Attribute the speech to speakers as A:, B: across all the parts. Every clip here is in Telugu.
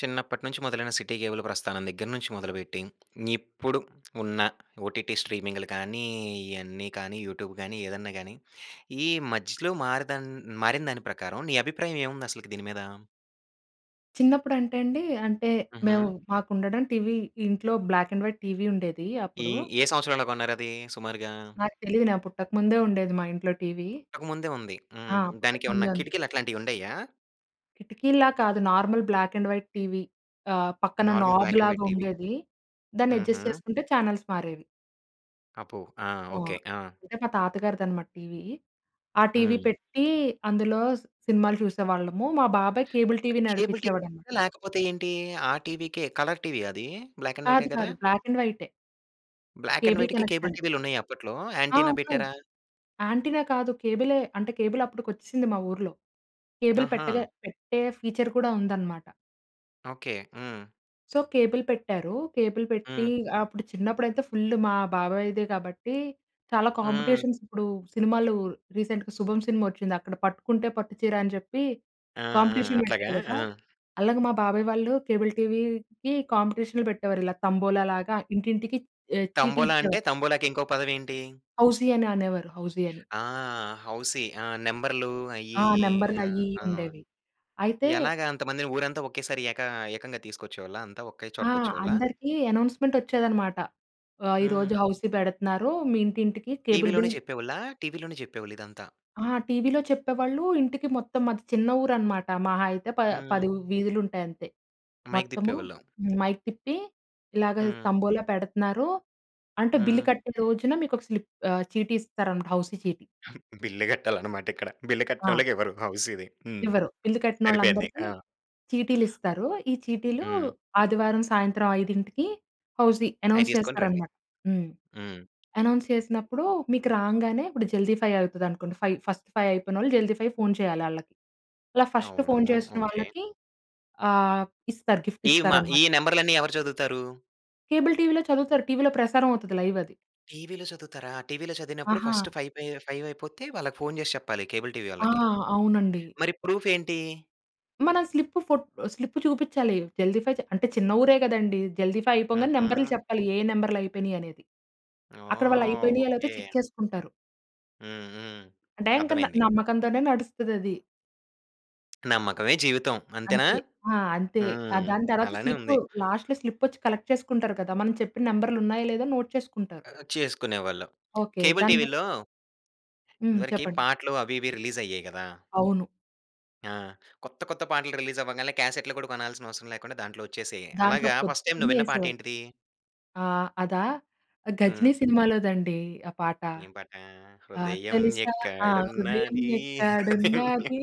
A: చిన్నప్పటినుంచి మొదలైన సిటీ కేబుల్ ప్రస్థానం దగ్గర నుంచి మొదలుబెట్టి, ఇప్పుడు ఉన్న ఓటిటి స్ట్రీమింగ్‍లు కానీ, ఇయన్నీ కానీ, యూటూబ్ గానీ, ఏదన్నా గానీ, ఈ మధ్యలో మారదన్ మారిన దాని ప్రకారం, నీ అభిప్రాయం ఏవుందసలకి దీని మీద?
B: చిన్నప్పుడంటెండీ, అంటే, మేము
A: హుహు.
B: మాకుండడం టీవీ, ఇంట్లో బ్లాక్ అండ్ వైట్ టీవీ ఉండేదీ
A: ఈ
B: అప్పుడు.
A: ఏ సంవత్సరంలో కొన్నారదీ సుమారుగా?
B: నాకు తెలీదు. నా పుట్టకముందే ఉండేది మా ఇంట్లో టీవీ.
A: పుట్టక ముందే ఉంది.
B: ఆ!
A: హ్మ్. దానికేవన్నా
B: పుట్టకముందే ఉంది.
A: కిటికీలు అట్లాంటియుండేయా?
B: కిటికీల్లా కాదు normal black and white TV. ఆహ్, పక్కన
A: normal black and white TV.
B: నాబ్‌లాగుండేది. దాన్నెడ్జస్ట్
A: హుహు.
B: చేసుకుంటే ఛానల్స్ మారేవి.
A: అబ్బో! ఆ!
B: ఆ!
A: ఓకే. ఆ!
B: అంటే, మా తాతగారిదనమాట టీవీ. ఆ టీవీ
A: హ్మ్.
B: పెట్టీ, అందులో సినిమాలు చూసేవాళ్ళము. మా బాబాయ్ కేబుల్ టీవీ
A: కేబుల్
B: నడిపిచ్చేవాడనమాట.
A: టివీయా, లేకపోతే ఏంటీ? ఆ టీవీకే కలర్ టివీయా అది? బ్లాక్ అండ్ వైటే
B: కాదు,
A: కదా?
B: కాదు. బ్లాక్ అండ్ వైటే.
A: బ్లాక్ అండ్
B: కేబుల్
A: వైట్‍కి, కేబుల్
B: కనెక్షన్.
A: టీవీలున్నయా అప్పట్లో?
B: ఆ!
A: యాంటినా
B: అవును.
A: పెట్టారా?
B: యాంటినా కాదు, కేబులే. అంటే, కేబుల్ అప్పటికొచ్చేసింది మా ఊర్లో. కేబుల్
A: ఆహా!
B: పెట్టగా పెట్టే ఫీచర్ కూడా ఉందనమాట.
A: ఓకే, హ్మ్.
B: సో, కేబుల్ పెట్టారు కేబుల్ పెట్టి
A: హ్మ్.
B: అప్పుడు చిన్నప్పుడైతే ఫుల్ మా బాబాయ్‌దే కాబట్టి చాలా
A: హ్మ్.
B: కాంపిటీషన్స్ ఇప్పుడు సినిమాలు రీసెంట్‍గా 'శుభం' సినిమా వచ్చింది. అక్కడ పట్టుకుంటే పట్టుచీర అని చెప్పి
A: ఆ! ఆ!
B: కాంపిటీషన్
A: అట్లాగా
B: పెట్టారు కదా!
A: ఆ!
B: అలాగ మా బాబాయ్ వాళ్ళు కేబుల్ టీవీకి కాంపిటీషన్‌లు పెట్టేవారు ఇలా తంబోలా లాగా ఇంటింటికి ఆహ్, చీటీ
A: తంబోలా అంటే
B: ఇచ్చేవారు.
A: తంబోలాకి ఇంకో పదం ఏంటి?
B: హౌసీ అనే అనేవారు హౌసీ అని.
A: ఆ! హౌసి ఆ! నంబర్‌లు అయి
B: ఆ!
A: ఇయి
B: నంబర్‌లు
A: ఆ!
B: అయి ఇయి
A: ఆ!
B: ఉండేవి. అయితే
A: ఎలాగా అంతమందిని ఊరంతా ఒకేసారి ఏక ఏకంగా తీసుకొచ్చేవాళ్ళా అంతా ఒకే
B: ఆ!
A: చోటకి వచ్చేవాళ్ళా?
B: అందరికీ అనౌన్స్‌మెంట్ వచ్చేదనమాట. ఆహ్, ఈరోజు
A: హ్మ్.
B: హౌసీ పెడతనారు మీ ఇంటింటికి కేబుల్
A: టీవీ‌లోనే
B: బిల్
A: చెప్పేవొళ్ళ? టీవీలోనే చెప్పేవాళ్ళు ఇదంతా.
B: ఆ! టీవీలో చెప్పేవాళ్ళు ఇంటికి మొత్తం మాది చిన్న ఊరు అనమాట మహా అయితే ప
A: హ్మ్.
B: పది వు వీధులు ఉంటాయి అంతే.
A: మైక్
B: మొత్తము
A: తిప్పేవాళ్ళం.
B: మైక్ తిప్పి, ఇలాగ
A: హ్మ్.
B: తంబోలా పెడతున్నారు, అంటే బిల్లు
A: హ్మ్.
B: కట్టిన రోజున మీకు ఒక స్లిప్ చీటీ ఇస్తారనమాట హౌసీ చీటీ.
A: బిల్ కట్టాలి అన్నమాట ఇక్కడ బిల్
B: ఆ!
A: కట్టనోల్లకి ఇవ్వరు హౌసిది హ్మ్,
B: ఇవ్వరు బిల్లు
A: సరిపోయింది.
B: కట్టినొళ్ళందరికి
A: అ!
B: చీటీలు ఇస్తారు. ఈ చీటీలు
A: హ్మ్.
B: ఆదివారం సాయంత్రం 5:00కి హౌసీ
A: అయి
B: అనౌన్స్
A: తీసుకొని రండి.
B: చేస్తారన్నమాట. హ్మ్,
A: హ్మ్.
B: అనౌన్స్ చేసినప్పుడు మీకు రాంగానే ఇప్పుడు జల్దీ ఫైవ్ అయితది అనుకోండి ఫైవ్ ఫస్ట్ ఫైవ్ అయిపోయినోళ్ళు జల్దీ ఫైవ్ ఫోన్ చేయాలి ఆళ్ళకి. అలా ఫస్ట్
A: అవునూ,
B: ఫోన్ చేసిన
A: ఓకే.
B: వాళ్ళకి ఆహ్, ఇస్తారు గిఫ్ట్
A: ఈ మా
B: ఇస్తారన్నమాట.
A: ఈ నంబర్‌లన్నీ ఎవరు చదువుతారు?
B: కేబుల్ టీవీలో చదువుతారు. టీవీలో ప్రసారం అవుతది. లైవ్ అది.
A: టీవీలో చదువుతారా? టీవీలో చదివినప్పుడు
B: ఆహా!
A: ఫస్ట్ ఫైపై ఫైవ్ అయిపోతే వాళ్ళకి ఫోన్ చేసి చెప్పాలి. కేబుల్ టీవీ
B: ఆ!
A: వాళ్ళకి.
B: అవునండి.
A: మరి ప్రూఫ్ ఏంటి?
B: మనం స్లిప్ ఫో స్లిప్ చూపించాలి జల్దీ ఫై, అంటే చిన్న ఊరే కదండీ. జల్దీఫై అయిపోగానే నెంబర్‌లు
A: హుహు.
B: చెప్పాలి. ఏ నెంబర్‌లు అయిపోయినాయి అనేది. అక్కడ వాళ్ళు
A: ఓహ్!
B: అయిపోయినాయా లేదా
A: ఓకె.
B: చెక్ చేసుకుంటారు.
A: హ్మ్. హ్మ్.
B: అంటే ఇంక
A: అర్థమైంది.
B: న-నమ్మకంతోనే నడుస్తది అది.
A: నమ్మకమే జీవితం అంతేనా?
B: అంతే. అ! అంతే. ఆ
A: హ్మ్.
B: దాని తర్వాత
A: అలానే
B: స్లిప్పు
A: ఉంది.
B: లాస్ట్‌లో స్లిప్ వచ్చి, కలెక్ట్ చేసుకుంటారు కదా! మనం చెప్పిన నంబర్‌లు ఉన్నాయో లేదా? నోట్ చేసుకుంటారు.
A: అ, అ చేసుకునేవాళ్లు.
B: ఓకె.
A: కేబుల్
B: దాన్ని బ
A: టీవీ‌‌ల్లో
B: హ్మ్.
A: ఇదివరకి
B: చెప్పండి.
A: పాటలు అవి, ఇవి రిలీజ్ అయ్యేయి గదా!
B: అవును.
A: ఆ! కొత్త, కొత్త పాటలు రిలీజ్ అవ్వంగాల్నే కాసెట్‌లు కూడా కొనాల్సిన అవసరం లేకుండా దాంట్లో వచ్చేసేయి.
B: దాంట్లో
A: అలాగా ఫస్ట్‌టైమ్ నువ్వు
B: పొద్దున్నే
A: విన్న పాట
B: యేసేవారు.
A: ఏంటిది?
B: ఆహ్, అదా గజినీ
A: హ్మ్.
B: సినిమాలోదండి ఆ పాట.
A: ఏం పాట?
B: ఆ!
A: హృదయం
B: తెలుసా ఆ! హృదయం
A: ఎక్కడున్నది. హృదయం
B: ఎక్కడున్నది.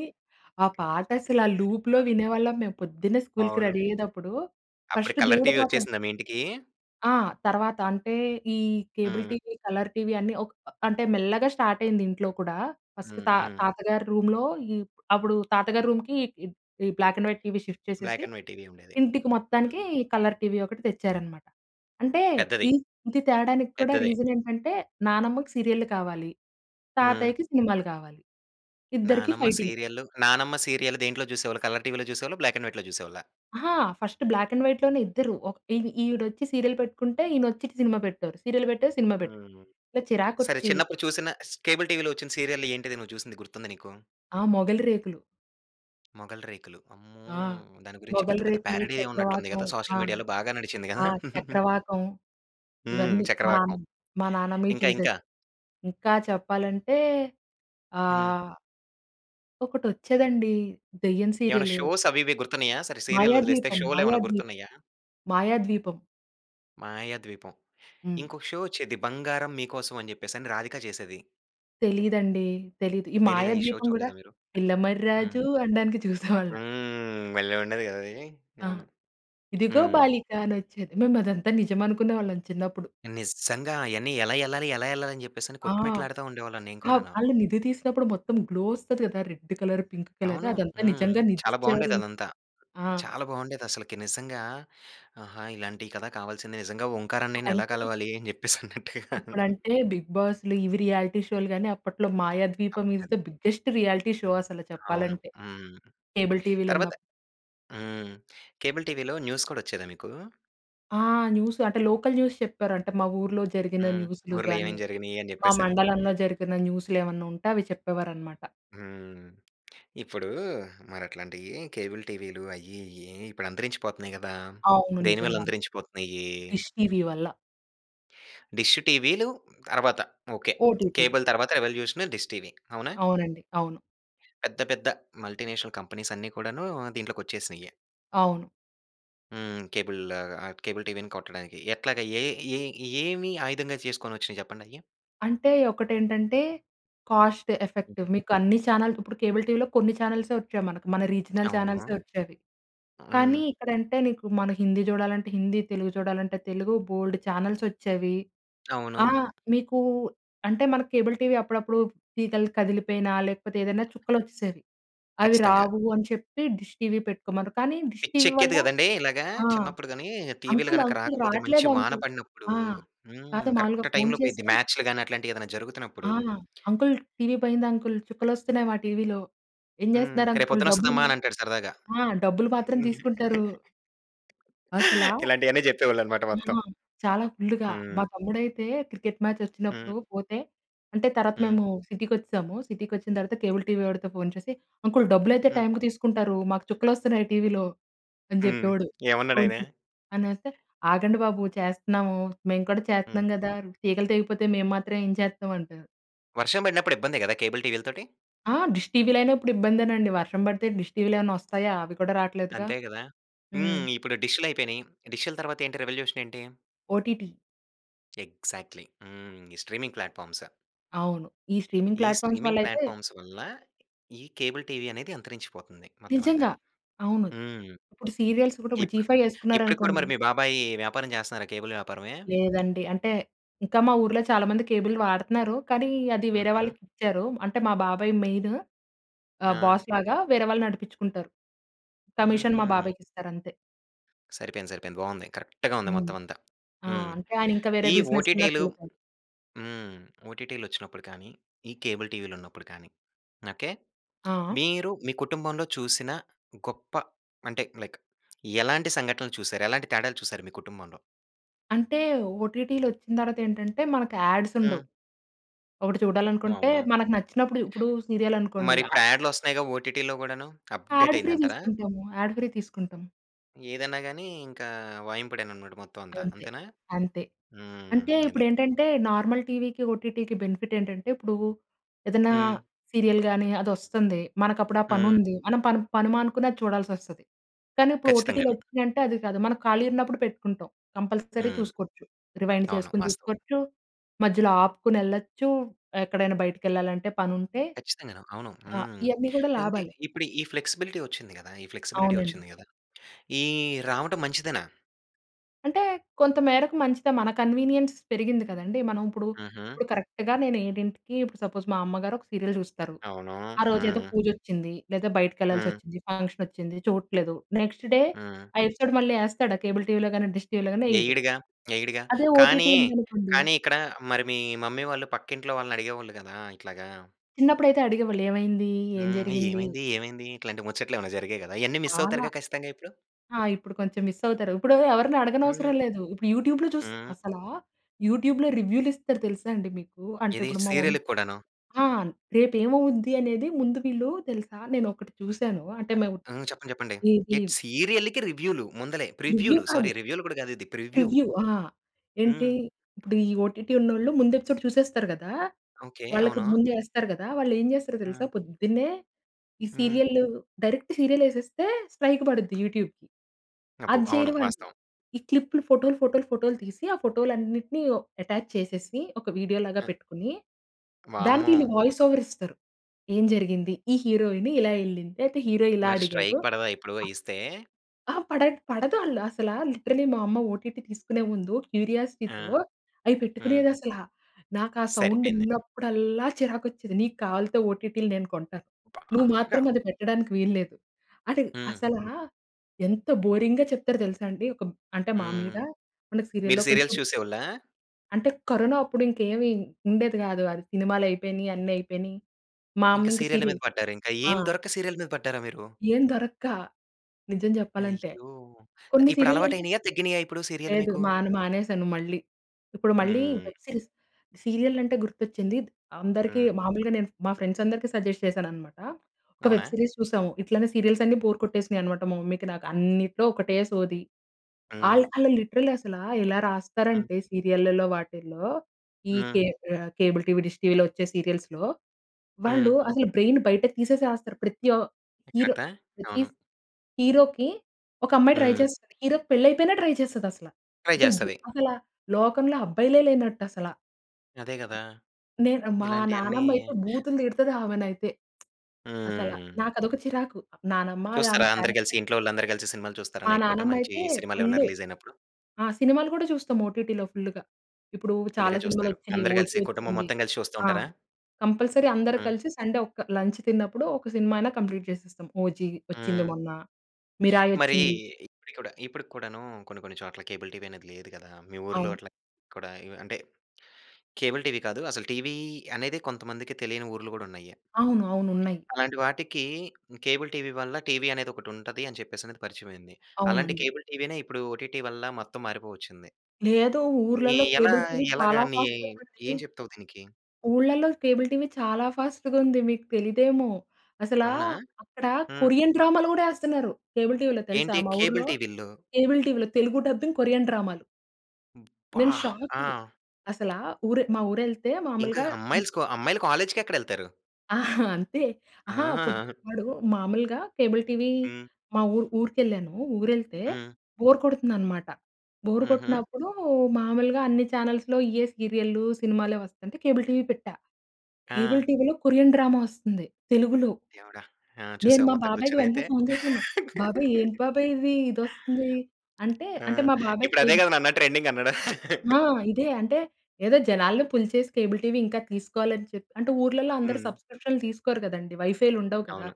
B: ఆ పాట అసలు ఆ
A: యె
B: లూప్‌లో వినేవాళ్ళం. మేము పొద్దున్నే స్కూల్‌కి
A: అవును.
B: రెడీ అయ్యేటప్పుడు.
A: అప్పుడు
B: ఫస్ట్
A: కలర్
B: దేవుడి
A: ‌టీవి
B: పాటలు.
A: వచ్చేసిందా మీ ఇంటికి?
B: ఆ! తర్వాత అంటే, ఈ కేబుల్
A: హ్మ్.
B: టీవీ, కలర్ టీవీ అన్నీ ఒక అంటే మెల్లగా స్టార్ట్ అయింది ఇంట్లో కూడా ఫస్ట్
A: హ్మ్.
B: తా
A: హ్మ్.
B: తాతగారి రూమ్‌లో ఈ అప్పుడు, తాతగారి రూమ్‌కి ఈ black and white TV shift చేసేసి
A: బ్లాక్ అండ్ వైట్ టివి ఉండేది,
B: ఇంటికి
A: హ్మ్.
B: మొత్తానికి కలర్ టీవీ ఒకటి తెచ్చారన్నమాట. అంటే
A: పెద్దది.
B: ఈ ఇది తేడానికి కూడా
A: పెద్దదే!
B: రీజన్ ఏంటంటే నానమ్మకి సీరియల్లు కావాలి,
A: హ్మ్.
B: తాతయ్యకి సినిమాలు కావాలి. ఇద్దరికి
A: నానమ్మ
B: ఫైటింగ్.
A: సీరియల్, నానమ్మ సీరియల్ దేంట్లో చూసేవాళ్ళు కలర్ టివిలో చూసేవాళ్ళ బ్లాక్ అండ్ వైట్‌లో చూసేవాళ్ళ?
B: ఆహా! ఫస్ట్ బ్లాక్ అండ్ వైట్ లోనే ఇద్దరు. ఒక్ ఈ ఈవిడ వచ్చి సీరియల్ పెట్టుకుంటే ఈయన వచ్చి సినిమా పెడతారు. సీరియల్ పెట్టే, సినిమా పెట్
A: హ్మ్.
B: ఇలా
A: సరే
B: చిరాకొచ్చీ
A: చిన్నప్పుడు చూసిన ష్ కేబుల్ టివిలో వచ్చిన సీరియల్ ఏంటిది నువ్వు చూసింది గుర్తుందా నీకు?
B: ఆ! 'మొగలిరేకులు'.
A: మొగలిరేకులు. అమ్మో!
B: ఆ!
A: దాని గురించి పెద్ద పెద్ద
B: మొగలిరేకులు,
A: పేరడీయె ఉన్నట్లు ఉంది
B: చక్రవాకం.
A: కదా
B: ఆ!
A: సోషల్ మీడియాలో బాగా నడిచింది కదా.
B: ఆ! చక్రవాకం
A: హ్మ్.
B: ఇవన్నీ మా నాన్న
A: చక్రవాకం,
B: మా నాన్నమ్మ ఇయి
A: ఇంక
B: చూసేది.
A: ఇంకా?
B: ఇంకా చెప్పాలంటే
A: హ్మ్.
B: ఆహ్ ఒకటొచ్చేదండి దెయ్యం
A: ఏమన్నా
B: సీరియలు.
A: షోస్, అవి ఇవి గుర్తున్నాయా? సరే సీరియల్లొదిలేస్తే
B: మాయాద్వీపం!
A: షోలెమన్నా
B: మాయాద్వీపం,
A: గుర్తున్నాయా?
B: మాయాద్వీపం.
A: 'మాయాద్వీపం'
B: హ్మ్.
A: ఇంకొక షో వచ్చేది, 'బంగారం మీకోసం' అని చెప్పేసి అని రాధిక చేసేది.
B: తెలీదండి. తెలీదు. ఈ
A: తెలీదా? ఈ షో
B: మాయాద్వీపం కూడా,
A: చూడలేదా మీరు?
B: పిల్లమర్రి రాజు
A: హ్మ్.
B: అనడానికి చూసేవాళ్ళం.
A: హ్మ్. భలే! ఉండేది కదా! అది.
B: ఆ!
A: అవును.
B: ఇదిగో
A: హ్మ్.
B: బాలిక అని వచ్చేది. మేము అదంతా నిజం అనుకునేవాళ్ళం చిన్నప్పుడు.
A: నిజంగా అయన్నీ, ఎలా ఏళ్ళాలి, ఎలా ఏళ్ళాలి అని చెప్పేసని
B: ఆ!
A: కొట్టుమెట్లు ఆడుతూ ఉండేవాళ్ళం నేను
B: అప్
A: కూడాను.
B: వాళ్ళు నిధి తీసినప్పుడు మొత్తం గ్లో వస్తది కదా! రెడ్ కలర్, పింక్ కలర్
A: అవును.
B: అదంతా
A: హ్మ్.
B: నిజంగా నిధి
A: చాలా
B: ఇచ్చారు.
A: బాగుండేది.
B: అన్
A: అదంతా.
B: ఆ!
A: చాలా బాగుండేది. అసలకి నిజంగా, ఆహా! ఇలాంటి కదా! కావాల్సింది నిజంగా, ఓంకార్ అన్నయ్యని ఎలా
B: ఇప్పుడంటే...
A: కలవాలి? అని చెప్పేసి అన్నట్టుగా.
B: ఇప్పుడంటే బిగ్ బాస్‌లు, ఇవి రియాలిటీ షో‌లు గాని, అప్పట్లో మాయాద్వీపం ఈస్ ద
A: అప్పట్లోనే.
B: బిగ్గెస్ట్ షో, అసలు
A: అవును.
B: చెప్పాలంటే.
A: హ్మ్.
B: కేబుల్ టీవీలు
A: తర్వాత
B: ఉన్నప్
A: హ్మ్. కేబుల్ టీవీలో న్యూస్ కూడా వచ్చేదా మీకు?
B: ఆ! న్యూసు అంటే, లోకల్ న్యూస్ చెప్పారంటే, మా ఊర్లో జరిగిన
A: హ్మ్.
B: న్యూస్‌లు‌
A: ఊర్లో
B: గాని,
A: ఏమేమి జరిగినయి? అని
B: మా
A: చెప్పేసని.
B: మండలంలో జరిగిన న్యూస్‌లు, ఏమన్నా ఉంటే అవి చెప్పేవారనమాట.
A: హ్మ్. ఇప్పుడు, మరి అట్లాంటివి కేబుల్ టీవీ‌లు అయ్యి, ఇయ్యి ఇప్పుడు అంతరించిపోతున్నాయి కదా!
B: అవును.
A: దేనివల్ల
B: నిజంగానే.
A: అంతరించిపోతున్నాయి?
B: డిష్ టీవీ వల్ల.
A: డిష్ ‌టీవీలు, తర్వాత. ఓకె.
B: ఓటీటీ‌లు.
A: కేబుల్ తర్వాత రేవల్యూషన్ డిష్ టీవి. అవునా?
B: అవునండి. అవును.
A: పెద్ద పెద్ద మల్టీనేషనల్ కంపనీస్ అన్ని కూడాను దీంట్లోకి వచ్చేసినయే.
B: అవును.
A: హ్మ్, కేబుల్ లాగా ఆ కేబుల్ టీవీని కొట్టడానికి ఎట్లాగా? ఏ ఏ ఏమి ఆయుధంగా చేసుకొని వచ్చినయి చెప్పండయి?
B: అంటే ఒకటి ఏంటంటే, కాస్ట్ ఎఫెక్టివ్ మీకు అన్ని ఛానల్ ఇప్పుడు కేబుల్ టీవీలో కొన్ని ఛానెల్సే వచ్చేయి మనకు. మన రీజనల్ ఛానల్స్
A: అవును.
B: వచ్చేవి. కానీ
A: హ్మ్.
B: ఇక్కడ అంటే నీకు మన హిందీ చూడాలంటే హిందీ, తెలుగు చూడాలంటే తెలుగు, బోలెడు ఛానల్స్ వచ్చేవి.
A: అవును.
B: ఆ! మీకు అంటే మనకు కేబుల్ టీవీ అప్పుడప్పుడు తీగలు కదిలిపోయినా లేకపోతే, ఏదైనా చుక్కలు వచ్చేసేవి. అవి
A: ఖచ్చితంగా.
B: రావు అని చెప్పి డిష్ టీవీ పెట్టుకోమన్నారు. కానీ డిష్
A: పిచ్చి
B: టీవీ వల్ల
A: ఎక్కేది కదండీ! ఇలాగా
B: ఆ!
A: చిన్నప్పుడు గాని, టీవీలు
B: "అంకుల్,
A: గనక
B: అంకుల్
A: రాకపోతే మంచి
B: రావట్లేదు
A: వాన
B: అంకుల్."
A: పడినప్పుడు
B: ఆ!
A: హ్మ్,
B: కాకపోతే మామూలుగా
A: కరెక్ట్
B: ఫోన్
A: టైమ్‍లో పోయిద్ది,
B: చేసి
A: మాచ్‌లు గాని అట్లాంటివి ఏదైనా
B: ఆ!
A: జరుగుతున్నప్పుడు.
B: "అంకుల్ టీవీ పోయింది అంకుల్, చుక్కలు వస్తున్నాయి మా టీవీలో. ఏం
A: హ్మ్,
B: చేస్తున్నారు
A: రేపు
B: అంకుల్?
A: పొద్దున్న
B: డబ్బులు
A: వస్తదమ్మా అనంటాడు సరదాగా.
B: మా ఆ! డబ్బులు మాత్రం తీసుకుంటారు." అసలా
A: ఇలాంటియన్నీ చెప్పేవాళ్ళన్నమాట
B: ఆ!
A: మొత్తం.
B: చాలా ఫుల్లుగా,
A: హ్మ్.
B: మా తమ్ముడైతే క్రికెట్ మ్యాచ్
A: హ్మ్.
B: వచ్చినప్పుడు పోతే, అంటే తర్వాత
A: హ్మ్.
B: మేము సిటీకి వచ్చేసాము. సిటీకి వచ్చిన తర్వాత కేబుల్ టీవీ వాడితో ఫోన్ చేసి, "అంకుల్ డబ్బులైతే
A: హ్మ్.
B: టైమ్‌కి తీసుకుంటారు. మాకు చుక్కలు వస్తున్నాయి టీవీలో" అని
A: హ్మ్!
B: చెప్పేవాడు. ఫోన్
A: ఏమన్నాడాయన?
B: చేస్తే అనేస్తే, "ఆగండి బాబు చేస్తున్నాము. మేము కూడా
A: హ్మ్.
B: చేస్తున్నాం కదా! తీగలు తెగిపోతే మేము మాత్రం ఏం చేతాం?" అంటారు.
A: వర్షం పడినప్పుడు ఇబ్బందే గదా! కేబుల్ టీవీల్తోటి?
B: ఆ! డిష్ టీవీలైనా ఇప్పుడు ఇబ్బందేనండి. వర్షం బడితే డిష్ టీవీలు ఏమన్నా ఒస్తాయా? అవి కూడా రావట్లేదుగా.
A: అంతే గదా!
B: హ్మ్.
A: హ్మ్. ఇప్పుడు డిష్‌లైపోయినయి. డిష్‌ల తర్వాత ఏంటి రెవల్యూషన్ ఏంటి?
B: ఓటీటీ.
A: ఎక్సా‌క్ట్‌లీ. హ్మ్. ఈ స్ట్రీమింగ్ ప్లాట్‌ఫార్మ్స్.
B: అవును. ఈ స్ట్రీమింగ్
A: ఈ
B: ప్లాట్‌ఫార్మ్స్ వల్ల
A: స్ట్రీమింగ్
B: అయితే
A: ప్లాట్‌ఫార్మ్స్ వల్ల ఈ కేబుల్ టీవీ అనేది అంతరించిపోతుంది. మొత్తం అంతా.
B: నిజంగా అవును.
A: హ్మ్.
B: ఇప్పుడు సీరియల్స్ కూడా ఇప్పుడు జీ
A: ఇప్పుడు
B: 5
A: ఇప్పటికి కూడా
B: ఎసుకున్నారనుకోండి
A: మరి మీ బాబాయి వ్యాపారం చేస్తన్నారా? కేబుల్ వ్యాపారమే?
B: లేదండి. అంటే ఇంకా మా ఊర్లో చాలా మంది కేబుల్ వాడుతున్నారు. కానీ అది వేరే
A: హుహు.
B: వాళ్ళకిచ్చారు అంటే మా బాబాయ్ మెయిన్. ఆహ్,
A: ఆ!
B: బాస్ లాగా. వేరే వాళ్ళు నడిపించుకుంటారు. కమిషన్ మా
A: హూహు.
B: బాబాయికిస్తారు అంతే.
A: సరిపోయింది, సరిపోయింది. బాగుంది. కరెక్ట్‌గా ఉంది
B: హ్మ్.
A: మొత్తం అంతా.
B: ఆ!
A: హ్మ్.
B: అంటే ఆయన ఇంకా వేరే
A: ఈ ఓటీటీలు
B: బిజినెస్‌లోకెళ్ళిప్
A: హ్మ్. ఓటీటీలొచ్చినప్పుడు కాని, ఈ కేబుల్ టీవీలున్నప్పుడు కాని ఓకె?
B: ఆ!
A: మీరు మీ కుటుంబంలో చూసిన గొప్ప అంటే లైక్ ఎలాంటి సంఘటనలు చూసారు? ఎలాంటి తేడాలు చూసారు మీ కుటుంబంలో?
B: అంటే ఓటీటీలొచ్చిన తర్వాతేంటంటే మనకు యాడ్స్
A: హ్మ్.
B: ఉండవు. ఒకటి చూడాలనుకుంటే
A: అవును.
B: మనకు నచ్చినప్పుడు ఇప్పుడు సీరియల్ అనుకోండి.
A: మరి
B: అ
A: ఇప్పుడు యాడ్‌లోస్తన్నాయిగా ఓటీటీలో గూడాను. అప్డేట్
B: యాడ్ ఫ్రీ
A: అయింది అంటారా?
B: తీసుకుంటాము. యాడ్ ఫ్రీ తీసుకుంటాం.
A: ఏదన్నా గాని, ఇంకా వాయింపుడే అన్నమాట. మొత్తం అంతా
B: అంతే.
A: అంతేనా?
B: అంతే.
A: హ్మ్.
B: అంటే
A: అది.
B: ఇప్పుడేంటంటే, నార్మల్ టీవీకి, ఓటీటీకి బెనిఫిట్ ఏంటంటే, ఇప్పుడు ఏదన్నా
A: హ్మ్.
B: సీరియల్‌ గాని అది వస్తుంది. మనకు అప్పుడు ఆ పని
A: హ్మ్.
B: ఉంది. మనం పని, పని మానుకుని అది చూడాల్సొస్తది. కానీ ఇప్పుడు ఓటీటీ
A: ఖచ్చితంగాను.
B: వచ్చిందంటే అది కాదు. మనం ఖాళీగా ఉన్నప్పుడు పెట్టుకుంటాం. కంపల్సరీ
A: హ్మ్.
B: చూసుకోవచ్చు. రివైండ్
A: అవును.
B: చేసుకొని
A: వాస్తవం.
B: చూసుకోవచ్చు, మధ్యలో ఆపుకొనెళ్ళొచ్చు, ఎక్కడైనా బయటికెళ్ళాలంటే, పనుంటే
A: ఖచ్చితంగాను. అవును.
B: ఆహ్,
A: హ్మ్.
B: ఇయన్ని కూడా
A: అంటే
B: లాభాలే.
A: ఇప్పుడు ఈ ఫ్లెక్సిబిలిటీ వచ్చింది గదా! ఈ ఫ్లెక్సిబిలిటీ
B: అవునండి.
A: వచ్చింది గదా! ఈ రావడం మంచిదేనా?
B: అంటే కొంతమేరకు మంచిదే. మన కన్వీనియన్స్ పెరిగింది కదండీ! మనం ఇప్పుడు,
A: హుహు.
B: ఇప్పుడు కరెక్ట్‌గా నేను ఏడింటికి ఇప్పుడు సపోజ్ మా అమ్మగారు ఒక సీరియల్ జూస్తారు.
A: అవును.
B: ఆరోజు ఏదో
A: హ్మ్.
B: పూజొచ్చింది. లేదా బయటికెళ్ళాల్సి
A: హ్మ్.
B: వచ్చింది. ఫంక్షన్ ఒచ్చింది చూడట్లేదు, నెక్స్ట్ డే
A: హ్మ్.
B: ఆ ఎపిసోడ్ మళ్ళీ యేస్తాడా? కేబుల్ టీవీలో గాని, డిష్ టీవీలో గాని యేయడు.
A: యెయ్యడుగా.యెయ్యడుగా.
B: అదే ఓటీటీ
A: కానీ,
B: ఉందనుకోండి.
A: కానీ ఇక్కడ మరి మీ మమ్మీ వాళ్ళు పక్కింట్లో, వాళ్ళని అడిగేవాళ్ళు గాదా! ఇట్లాగా.
B: చిన్నప్పుడైతే అడిగేవాళ్ళు ఏమైంది? ఏం
A: హ్మ్.
B: జరిగింది?
A: ఏమైంది? ఏమైంది? ఇట్లాంటి ముచ్చట్లు ఏమైనా జరిగాయి గదా? ఇయన్ని మిస్ అవుతారు
B: చాలా.
A: కదా? ఖచ్చితంగా ఇప్పుడు.
B: ఆ! ఇప్పుడు కొంచెం మిస్ అవుతారు. ఇప్పుడు ఎవరిని
A: హ్మ్.
B: అడగనవసరం లేదు. ఇప్పుడు యూట్యూబ్‌లో చూస్
A: హ్మ్.
B: అసల యూట్యూబ్‌లో రివ్యూలు ఇస్తారు. తెలుసా అండి మీకు? అంటే
A: ఏది
B: ఇప్పుడు మా మం
A: సీరియల్‌కి కూడాను.
B: ఆ! రేపు ఏమవుద్ది అనేది ముందు వీళ్ళు తెలుసా? నేను ఒకటి చూసాను అంటే మేము
A: ఆ! చెప్పండి, చెప్పండి.
B: ఇది
A: ఎట్ సీరియల్‌కి రివ్యూ‌లు ముందలే, ప్రివ్యూ
B: రివ్యూ
A: లు
B: కాదు.
A: సారీ, రివ్యూలు గూడా గాదు ఇది ప్రివ్యూ. హ్మ్.
B: ప్రివ్యూ. ఆ! ఏంటి?
A: హ్మ్.
B: ఇప్పుడు ఈ ఓటీటీ‌ ఉంన్నోళ్ళు ముందు ఎపిసోడ్ చూసేస్తారు గదా!
A: ఓకె.
B: వాళ్ళకి
A: అవును.
B: ముందు యేస్తారు గదా! వాళ్ళు ఏం చేస్తారో తెలుసా?
A: హ్మ్.
B: పొద్దున్నే ఈ
A: హ్మ్.
B: సీరియల్ డైరెక్ట్ సీరియల్ యేసేస్తే స్ట్రైక్ పడుద్ది యూట్యూబ్‌కి.
A: అబ్బో!
B: అది
A: అవును.
B: చేయరు వాళ్ళు.
A: వాస్తవం.
B: ఈ క్లిప్‌లు ఫోటోలు, ఫోటోలు, ఫోటోలు తీసి, ఆ ఫోటోలు అన్నిటిని అటాచ్ చేసేసి, ఒక వీడియో లాగా
A: అ
B: పెట్టుకొని దానికి
A: వామ్మో!
B: ఈళ్ళు వాయిస్ ఓవర్ ఇస్తారు. ఏం జరిగింది? ఈ హీరోయిన్ ఇలా యెళ్ళింది? లేతే హీరో ఇలా
A: మరి
B: అడిగాడు.
A: స్ట్రైక్ పడదా ఇప్పుడో ఇస్తే?
B: అ పడ పడదు ఆళ్లు అసల. లిటరలీ మా అమ్మ ఓటీటీ తీసుకునే ముందు,
A: ఆ!
B: క్యూరియాసిటీతో అవి
A: హ్మ్.
B: పెట్టుకునేది అసల. నాకు ఆ సౌండ్
A: సరిపోయింది.
B: విన్నప్పుడల్లా, చిరాకొచ్చేది. నీకు కావాల్తే ఓటీటీలు నేను కొంటాను. నువ్వు
A: బాగా.
B: మాత్రం అది పెట్టడానికి వీల్లేదు. అంటే
A: హ్మ్.
B: అసలా, ఎంత బోరింగ్‌గా చెప్తారు తెలుసా? అండి ఒక అంటే
A: హ్మ్.
B: మామూలుగా మనకు
A: మీరు
B: సీరియల్‌లో కొంచెం
A: సీరియల్స్ చూసేవోళ్ళా?
B: అంటే. కరోనా అప్పుడు ఇంకేమి ఉండేది గాదు. అది సినిమాలు అయిపోయినయి అన్ని అయిపోయినయి. మా
A: ఇంకా
B: అమ్మ ఇంకా
A: సీరియల్ల మీద
B: సీరియల్
A: పడ్డారు. ఇంకా
B: ఆ!
A: ఏం దొరక్క సీరియల్ మీద పడ్డారా మీరు?
B: ఏం దొరక్క. నిజం జెప్పాలంటే,
A: అయ్యో!
B: కొన్ని
A: ఇప్పుడు అలవాటు
B: సీరియల్‌లోని
A: అయినయా? తగ్గినయా? ఇప్పుడు సీరియల్లు
B: లేదు
A: మీకు.
B: మాన్ మానేశాను మళ్ళీ. ఇప్పుడు మళ్ళీ
A: హ్మ్.
B: Web series. సీరియల్ అంటే గుర్తొచ్చింది! అందరికీ
A: హ్మ్.
B: మామూలుగా నేను మా ఫ్రెండ్స్ అందరికీ సజెస్ట్ చేసానునన్నమాట. ఒక
A: అవునా!
B: వెబ్ సిరీస్ చూసాము. ఇట్లనే సీరియల్స్ అన్నీ బోర్ కొట్టేసినాయి అనమాట మా మమ్మీకి నాకు. అన్నిట్లో ఒకటే సోది.
A: హ్మ్.
B: ఆళ్ళు ఆళ్ళు లిటరల్లీ అసల ఎలా
A: హ్మ్.
B: రాస్తారంటే సీరియల్లల్లో వాటిల్లో ఈ
A: హ్మ్.
B: కేబ్ కేబుల్ టీవీ, డిష్ టీవీలో వచ్చే సీరియల్స్‌లో.
A: హ్మ్.
B: వాళ్ళు అసలు బ్రెయిన్ బయటకి తీసేసి రాస్తారు. ప్రతి ఆహ్, హీరో
A: కదా!
B: ప్రతి
A: అవును.
B: స్ హీరోకి ఒక అమ్మాయి ట్రై
A: హ్మ్.
B: చేస్తది. హీరోకి పెళ్లి అయిపోయినా ట్రై చేస్తది అసల.
A: ట్రై
B: అసల్ జి
A: జేస్తది.
B: అసలు లోకంలో అబ్బాయిలే లేనట్టు అసల.
A: అదే గదా!
B: నేను మా
A: ఇలాంటియన్నీ
B: నాన్నమ్మ అయితే బూతులు తిడతది ఆమెనైతే. అసల.
A: హ్మ్.
B: నాకు అదొక చిరాకు నానమ్మ అది ఆమె
A: చూస్తారా? అందరూ కలిసి
B: క్యారెక్టర్
A: ఇంట్లో వాళ్ళందరూ కలిసి సినిమాలు చూస్తారా?
B: మా
A: నైట్ పూట. మంచి
B: నానమ్మయితే
A: సినిమాలు ఏమైనా
B: ఫుల్లు.
A: రిలీజ్ అయినప్పుడు.
B: ఆ! సినిమాలు గూడా చూస్తాం ఓటిటిలో ఫుల్లుగా. ఇప్పుడు చాలా
A: ఫుల్‌గా
B: సినిమాలు
A: చూస్తారు.
B: వచ్చిని
A: అందరూ
B: 'ఓజీ'
A: గలిసి కుటుంబం
B: వచ్చింది.
A: మొత్తం గలిసి చూస్తా
B: ఆ!
A: ఉంటారా?
B: కంపల్సరీ అందరు
A: హ్మ్.
B: కలిసి సండే ఒక లంచ్ తిన్నప్పుడు ఒక సినిమా అయినా కంప్లీట్ చేసేస్తాం. 'ఓజీ' వచ్చింది
A: హ్మ్.
B: మొన్న. 'మిరాయ్'
A: మరి
B: వచ్చింది.
A: ఇప్పటికి కూడా ఇప్పడికి కూడాను కొన్ని కొన్ని చోట్ల కేబుల్ టీవీ అనేది లేదు. గదా! మీ ఊర్లో
B: అవును.
A: అట్లా కూడా ఇవ్ అంటే కేబుల్ టీవీ కాదు. అసలు టీవీ అనేది కొంతమందికి తెలియని ఊర్లు గూడా ఉన్నాయి.
B: అవును. అవును ఉన్నాయి.
A: అలాంటి వాటికి కేబుల్ టీవీ వల్ల టీవీ అనేది ఒకటి ఉంటది అని చెప్పేసి అనేది పరిచయం అయింది. అలాంటి
B: అవునండి.
A: కేబుల్ టీవీనే ఇప్పుడు ఓటిటి వల్ల మొత్తం మారిపోవచ్చింది.
B: లేదు.
A: ఇది
B: ఊర్లల్లో
A: ఎలా?
B: కేబుల్ టీవీ
A: ఎలాగా
B: చాలా
A: నీ
B: ఫాస్ట్‌గా ఉంది.
A: ఏం చెప్తావు దీనికి?
B: ఊళ్ళల్లో కేబుల్ టీవీ చాలా ఫాస్ట్‌గా ఉంది. మీకు తెలీదేమో! అసలా
A: అవునా!
B: అక్కడ
A: హ్మ్.
B: కొరియన్ డ్రామాలు గూడా యేస్తున్నారు. కేబుల్ టీవీలో తెలుసా?
A: ఏంటి?
B: మా
A: కేబుల్
B: ఊర్లో
A: టివీల్లో.
B: కేబుల్ టీవీలో తెలుగు డబ్బింగ్ కొరియన్ డ్రామాలు.
A: అబ్బా!
B: నేను
A: అ!
B: షాకు. అసల ఊరు మా ఊరు వెళ్తే
A: ఇంకా
B: మాములుగా
A: అమ్మాయిలు స్క్ అమ్మాయిలు కాలేజ్‌కి ఎక్కడ వెళ్తారు?
B: అంతే అహా! పొ
A: ఆ!
B: వాడు మామూలుగా కేబుల్ టీవీ
A: హ్మ్.
B: మా ఊ ఊరికెళ్ళాను ఊరెళ్తే
A: హ్మ్.
B: బోర్ కొడుతుందనమాట. బోర్
A: హుహు.
B: కొట్టినప్పుడు మామూలుగా అన్నీ ఛానల్స్‌లో ఇయే సీరియల్‌లు సినిమాలే వస్తంటే కేబుల్ టీవీ పెట్టా. కేబుల్
A: ఆ!
B: టీవీలో కొరియన్ డ్రామా వస్తుంది తెలుగులో.
A: దేవుడా! ఆ
B: నేను
A: చూసావా
B: మా
A: మొత్తం
B: బాబాయికి
A: కూర్చొని
B: వెంటనే
A: అయితే.
B: ఫోన్ చేశాను. బాబాయ్ ఏంటి బాబాయ్ ఇది? ఇదొస్తుంది. అంటే
A: ఆ!
B: అంటే మా బాబాయి
A: ఇప్పుడు అదే
B: కేబు
A: గదా! నాన్న ట్రెండింగ్ అన్నాడా?
B: ఆ! ఇదే అంటే ఏదో జనాల్ని పుల్ చేసి కేబుల్ టీవీ ఇంకా తీసుకోవాలి అని చె అంటే ఊర్లల్లో అందరూ
A: హ్మ్.
B: సబ్స్క్రిప్షన్‌లు తీసుకోరు కదండీ వైఫైలు ఉండవు గదా!
A: అవును.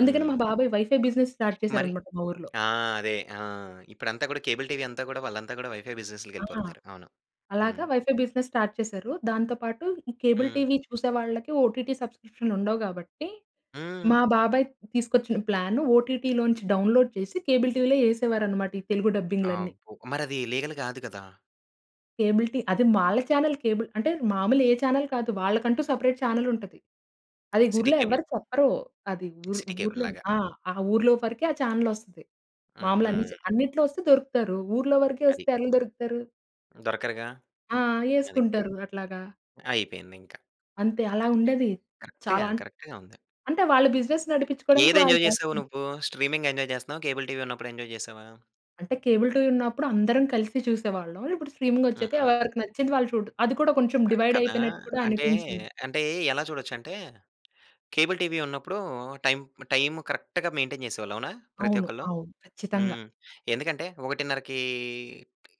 B: అందుకనే
A: హ్మ్.
B: మా బాబాయ్ వైఫై బిజినెస్ స్టార్ట్
A: మరి
B: చేసారన్నమాట మా ఊర్లో.
A: ఆ! అదే ఆ! ఇప్పుడంతా గూడా కేబుల్ టీవీ అంతా గూడా వాళ్ళంతా గూడా వైఫై బిజినె‌స్‌లకి
B: ఆ!
A: వెళ్ళిపోతున్నారు. అవును. హ్మ్.
B: అలాగా వైఫై బిజినెస్ స్టార్ట్ చేశారు. దాంతో పాటు ఈ కేబుల్
A: హ్మ్.
B: టీవీ చూసే వాళ్ళకి ఓటీటీ సబ్స్క్రిప్షన్‌లు ఉండవు గాబట్టి
A: హ్మ్.
B: మా బాబాయ్ తీసుకొచ్చిన ప్లాన్ ఓటీటీలోంచి డౌన్లోడ్ చేసి కేబుల్ టీవీలో వేసేవారన్నమాట, ఈ తెలుగు డబ్బింగ్‌లన్నీ.
A: అబ్బో! మరది లీగల్ గాదు గదా!
B: Cable TV. అది వాళ్ళ చానెల్ కేబుల్ అంటే మామూలుగా ఏ చానెల్ కాదు. వాళ్ళకంటూ సెపరేట్ చానెల్ ఉంటది. అది
A: సిటీ
B: ఊర్లో ఎవరు
A: కేబులు.
B: చెప్పరూ. అది ఊ ఊర్లోని.
A: సిటీకేబుల్‌లాగ.
B: ఆ! ఆ ఊర్లో వరకే ఆ చానెల్ వస్తది. మాములు అన్ని చా
A: ఆహా!
B: అన్నిట్లో వస్తే దొరుకుతారు. ఊర్లో వరకే
A: అది.
B: వస్తే ఎలా దొరుకుతారు?
A: దొరకరుగా.
B: ఆహ్,
A: అది.
B: ఏసుకుంటారు అట్లాగా.
A: అయిపోయింది ఇంక.
B: అంతే అలా ఉండేదీ.
A: కరెక్ట్‌గా
B: చాలా అన్
A: కరెక్ట్‌గా ఉంది.
B: అంటే వాళ్ళ బిజినెస్ నడిపించుకోవడానికి
A: ఏది
B: వాళ్ళు
A: ఎంజాయ్ చేసావు
B: చేస్తున్నారు.
A: నువ్వు? స్ట్రీమింగ్ ఎంజాయ్ చేస్తున్నావా? కేబుల్ టీవి ఉన్నప్పుడు ఎంజాయ్ చేశావా?
B: అంటే కేబుల్ టీవి ఉన్నప్పుడు అందరం కలిసి చూసేవాళ్ళం. ఇప్పుడు స్ట్రీమింగొచ్చాక
A: హుహు.
B: ఎవరికి నచ్చింది వాళ్ళు చూడు. అది కూడా కొంచెం
A: ఆ! కదా!
B: డివైడైపోయినట్టు కూడా
A: అంటే
B: అనిపించింది.
A: అంటే ఎలా చూడొచ్చంటే కేబుల్ టీవీ ఉన్నప్పుడు, టై టైం కరెక్ట్‌గా మెయింటైన్ చేసేవాళ్ళు అవునా? ప్రతి
B: అవును.
A: ఒక్కళ్ళు,
B: అవును. ఖచ్చితంగా.
A: హ్మ్. ఎందుకంటే 1:30కి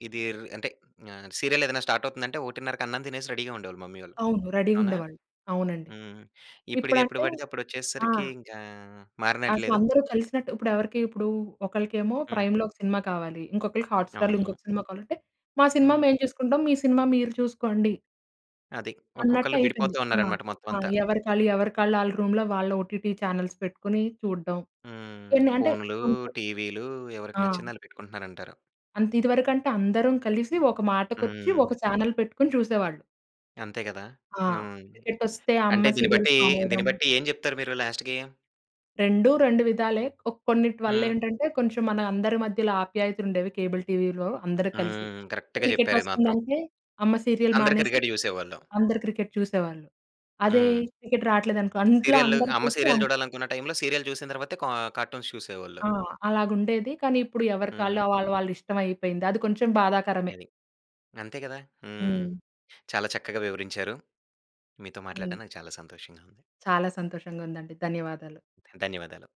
A: ఇది అంటే ఆహ్, సీరియల్ ఏదైనా స్టార్ట్ అవుతుందంటే, 1:30కి అన్నం తినేసి రెడీగా ఉండేవాళ్ళు మమ్మీ ఒళ్ళు.
B: అవును.
A: అవునా?
B: రెడీగుండేవాళ్ళు. అవునండి.
A: హ్మ్. ఇప్పుడు ఇది ఎప్పుడు
B: ఇప్పుడంటే
A: పడితే అప్పుడు
B: ఆ!
A: వచ్చేసేసరికి ఇంకా
B: అసలు
A: మారినట్లేదు?
B: అందరు కలిసినట్టు ఇప్పుడు ఎవరికీ ఇప్పుడు ఒకళ్ళకేమో
A: హ్మ్.
B: 'ప్రైమ్‌లో' ఒక సినిమా కావాలి. ఇంకొకళ్ళకి 'హాట్ స్టార్‌లో'
A: అవును.
B: ఇంకొక సినిమా కావాలంటే మా సినిమా
A: హ్మ్.
B: మేము చూసుకుంటాం. మీ సినిమా మీరు చూసుకోండి.
A: అది.
B: అన్నట్టు
A: ఒక్కొక్కళ్ళు
B: అయిపోయింది.
A: విడిపోతూ
B: ఆ!
A: ఉన్నారన్నమాట మొత్తం
B: ఆ!
A: అంతా.
B: ఎవరికాళ్ళు, ఎవరి‌కాళ్ళు ఆళ్ళ రూమ్‌లో వాళ్ళ ఒటిటి చానెల్స్ పెట్టుకొని చూడడం
A: హ్మ్.
B: ఎన్ని అంటే.
A: ఫోన్‌లూ,
B: కొన్నిసా
A: టీవీలూ ఎవరికి
B: ఆ!
A: నచ్చింది ఆళ్ళు పెట్టుకుంటున్నారంటారు.
B: అంత ఇదివరకంటే అందరం కలిసి ఒక మాటకొచ్చి ఒక
A: హ్మ్.
B: చానెల్ పెట్టుకొని చూసేవాళ్ళు.
A: అంతే కదా!
B: ఆ!
A: అవును.
B: క్రికెటొస్తే అమ్మ
A: అంటే దీన్ని
B: సీరియల్స్
A: బట్టీ
B: మానేయడం.
A: దీన్ని బట్టీ ఏం చెప్తారు మీరు లాస్ట్‌‌కీ?
B: రెండు రెండు విధాలే ఓహ్! కొన్నిటి వల్ల
A: హ్మ్.
B: ఏంటంటే కొంచెం మన అందరి మధ్యలో ఆప్యాయతలు ఉండేవి కేబుల్ టీవీలో. అందరూ కలిసి
A: హ్మ్. కరెక్ట్‌గా చెప్పారు ఇది మాత్రం.
B: క్రికెటొస్తుందంటే, అమ్మ సీరియల్
A: అందరు
B: మానేసి
A: క్రికెట్ చూసేవాళ్ళు.
B: అందరూ క్రికెట్ చూసేవాళ్ళు. అదే
A: హ్మ్.
B: క్రికెట్ రాట్లేదనుకో ఇంట్లో
A: సీరియళ్ళు
B: అందరూ
A: అమ్మ
B: కలిసి.
A: సీరియల్
B: అమ్మ
A: చూడాలనుకున్న టైంలో సీరియల్ చూసిన తర్వాతే కా కార్టూన్స్ చూసేవాళ్ళు.
B: ఆ! అలాగుండేది. కానీ ఇప్పుడు ఎవరికాళ్ళు
A: హ్మ్.
B: వాళ్ళ వాళ్ళ ఇష్టం అయిపోయింది. అది కొంచెం బాధాకరమే.
A: అది. అంతే కదా! హ్మ్.
B: హ్మ్.
A: చాలా చక్కగా వివరించారు. మీతో
B: హ్మ్.
A: మాట్లాడడం నాకు చాలా సంతోషంగా ఉంది.
B: చాలా సంతోషంగా ఉందండి. ధన్యవాదాలు.
A: ధన్యవాదాలు.